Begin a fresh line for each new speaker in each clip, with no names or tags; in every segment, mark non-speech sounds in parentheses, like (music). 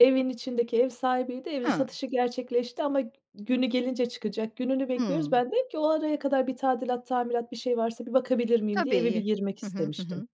Evin içindeki ev sahibiydi, evin
Hıı.
satışı gerçekleşti ama g günü gelince çıkacak, gününü bekliyoruz.
Hımm.
Ben de dedim ki "O araya kadar bir tadilat, tamirat, bir şey varsa, bir bakabilir miyim?" diye, eve bir
Tabii.
girmek
Hı hı, hı
istemiştim.
hı.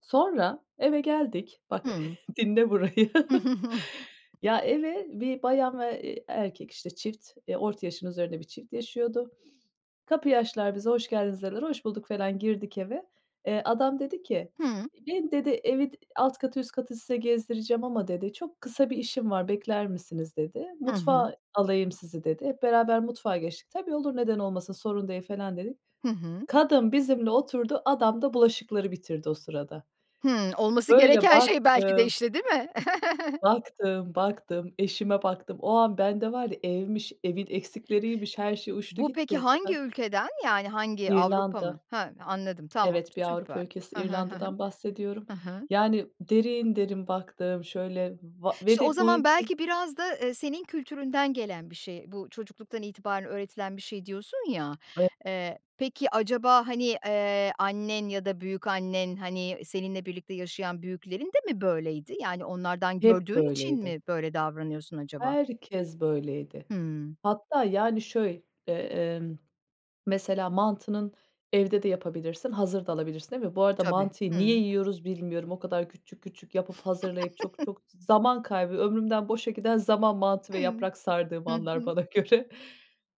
Sonra, eve geldik. Bak,
Hımm.
dinle (chuckles) burayı.
(chuckles)
Ya, eve 1 bayan ve, eee, erkek işte çift, eee, orta yaşın üzerinde bir çift yaşıyordu. (sniffs) Kapıyı açtılar, bize, "Hoş geldiniz" dediler. Hoş bulduk felan girdik eve. Eee, adam dedi ki,
Hımm.
"Beni" dedi "Evi alt katı üst katı size gezdireceğim ama" dedi "Çok kısa bir işim var, bekler misiniz?" dedi.
I hı.
"Mutfağa alayım sizi," dedi. Hep beraber mutfağa geçtik. "Tabii olur neden olmasın sorun değil," felan dedik.
Hı hı.
Kadın bizimle oturdu. Adam da bulaşıkları bitirdi o sırada.
Hımm. Olması
Böyle,
gereken şey belki de,
baktım
işte, değil mi? (chuckles)
baktım, baktım, eşime baktım. O an bende var ya evmiş, evin eksikleriymiş, her şey uçtu
Bu peki,
gitti.
hangi
Ka
ülkeden? Yani, hangi Avrupa mı?
İrlanda.
He, anladım, tamam,
Evet, bir Avrupa
süper.
ülkesi
He he, he he.
İrlanda'dan bahsediyorum.
He he.
Yani, derin derin baktım, şöyle va ve
İşte, o
de bu
zaman
ülke
belki biraz da, eee, senin kültüründen gelen bir şey. Bu, çocukluktan itibaren öğretilen bir şey, diyorsun ya. Eee, peki, acaba, hani, eee, annen ya da büyükannen, hani, seninle birlikte yaşayan büyüklerin de mi böyleydi? Yani, onlardan
Hep
gördüğün için
böyleydi.
mi böyle davranıyorsun acaba?
Herkes böyleydi.
Hımm.
Hatta, yani, şöy eee, emm, (swallows) mesela, mantının evde de yapabilirsin, hazır da alabilirsin, değil mi? Bu arada
Tabii.
mantıyı niye
Hımm.
yiyoruz bilmiyorum. O kadar küçük küçük yapıp, hazırlayıp çok
(chuckles)
çok zaman kaybı ömrümden boşa giden zaman, mantı ve yaprak sardığım
Hı
anlar
hı.
bana göre.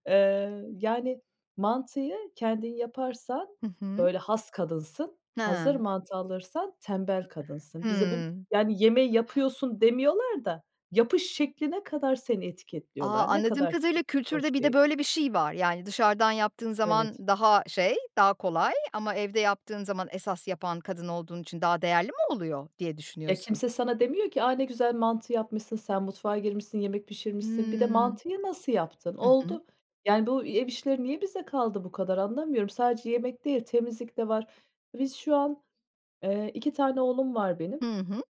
Eee, yani, mantıyı kendin yaparsan,
Hı hı.
böyle, has kadınsın, hazır
He.
mantı alırsan tembel kadınsın. Bize bu
Hımm.
yani, yemeği yapıyorsun demiyorlar da yapış şekline kadar seni
A,
etiketliyorlar. Ne
anladığım
kadar çirkin,
kadarıyla, kültürde
hoş
bir de
değil.
böyle bir şey var. Yani, dışarıdan yaptığın zaman
Evet.
daha şey, daha kolay ama evde yaptığın zaman esas yapan kadın olduğun için daha değerli mi oluyor, diye
E,
düşünüyorsun?
kimse sana demiyor ki, aaa, ne güzel mantı yapmışsın, sen mutfağa girmişsin, yemek pişirmişsin. Bir de
Hımm.
mantıyı nasıl yaptın?
Hı hı.
Oldu. Yani, bu ev işleri niye bize kaldı? Bu kadar anlamıyorum. Sadece yemek değil, temizlik de var. Biz şu an, eee, 2 tane oğlum var benim.
Hı hı.